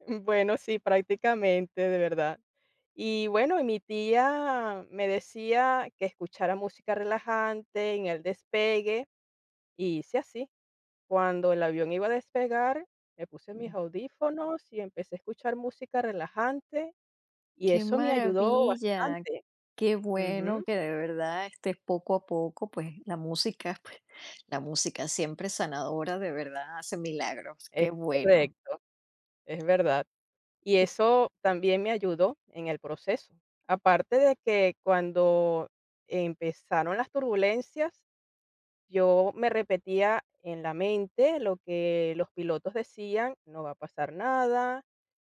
Mm, bueno, sí, prácticamente, de verdad. Y, bueno, y mi tía me decía: "Que escuchara música relajante, en el despegue", y hice así. Cuando el avión iba a despegar, me puse mis audífonos y empecé a escuchar música relajante, y Qué eso me ayudó maravilla, bastante. qué bueno Ujú. que, de verdad, estés poco a poco, pues, la música la música siempre es sanadora, de verdad, hace milagros, Es qué bueno. correcto, es verdad. Y Y eso también me ayudó, en el proceso. Aparte de que, cuando empezaron las turbulencias, yo me repetía, en la mente, lo que los pilotos decían: "No va a pasar nada,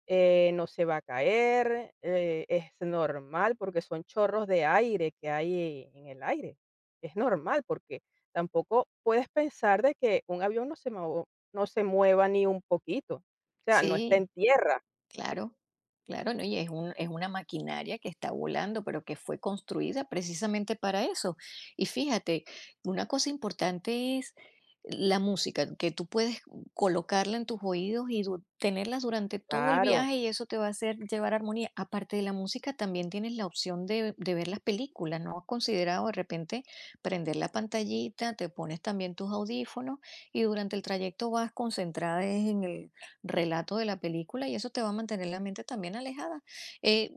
eh, no se va a caer, eh, es normal", porque son chorros de aire que hay en el aire, es normal, porque tampoco puedes pensar de que un avión no se mo no se mueva ni un poquito, o sea, no está Sí. en tierra. Claro, claro. No, y es un es una maquinaria que está volando, pero que fue construida precisamente para eso. Y fíjate, una cosa importante es la música, que tú puedes colocarla en tus oídos y du tenerla durante todo el Claro. viaje y eso te va a hacer llevar armonía. Aparte de la música, también tienes la opción de de ver la película, ¿no has considerado, de repente, prender la pantallita?, te pones también tus audífonos y durante el trayecto vas concentrada en el relato de la película y eso te va a mantener la mente también alejada, eh,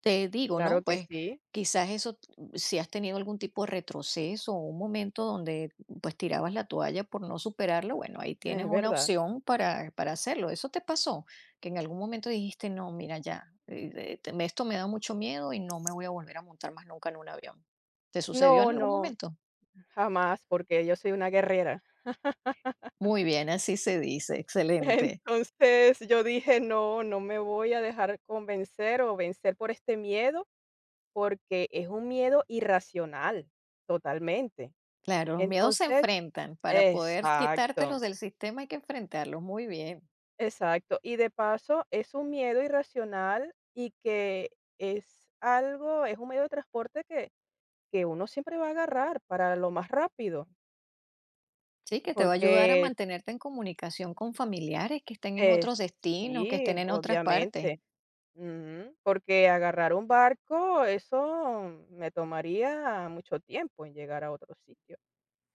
te digo, Claro ¿no?, que pues, sí. quizás eso, mm, si has tenido algún tipo de retroceso o un momento donde, pues, tirabas la toalla por no superarlo, bueno, ahí tienes Es una verdad. opción para para hacerlo, ¿eso te pasó? Que en algún momento dijiste: "No, mira ya, eh, eh, te esto me da mucho miedo y no me voy a volver a montar más nunca en un avión, ¿te sucedió en No, algún no. momento? Jamás, porque yo soy una guerrera. Muy bien, así se dice, excelente. Entonces, yo dije: "No, no me voy a dejar convencer o vencer por este miedo, porque es un miedo irracional, totalmente". Claro, los miedos se Entonces enfrentan, para poder Exacto. quitártelos del sistema hay que enfrentarlos, muy bien. Exacto. Y de paso, es un miedo irracional y que es algo, es un medio de transporte que que uno siempre va a agarrar, para lo más rápido. Sí, que te va a ayudar a Porque mantenerte en comunicación con familiares que estén en Eh, otros destinos, que estén sí, en otras partes. obviamente ujú, porque agarrar un barco, eso me tomaría mucho tiempo en llegar a otro sitio,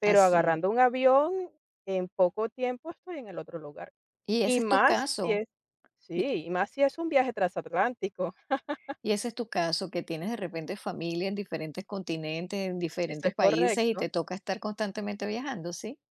pero Así es. agarrando un avión, en poco tiempo estoy en el otro lugar, Y y ese es tu más si caso. es Y Sí, y más si es un viaje transatlántico. y ese es tu caso, que tienes, de repente, familia en diferentes continentes, en Eso diferentes es países y correcto. te toca estar constantemente viajando, ¿sí?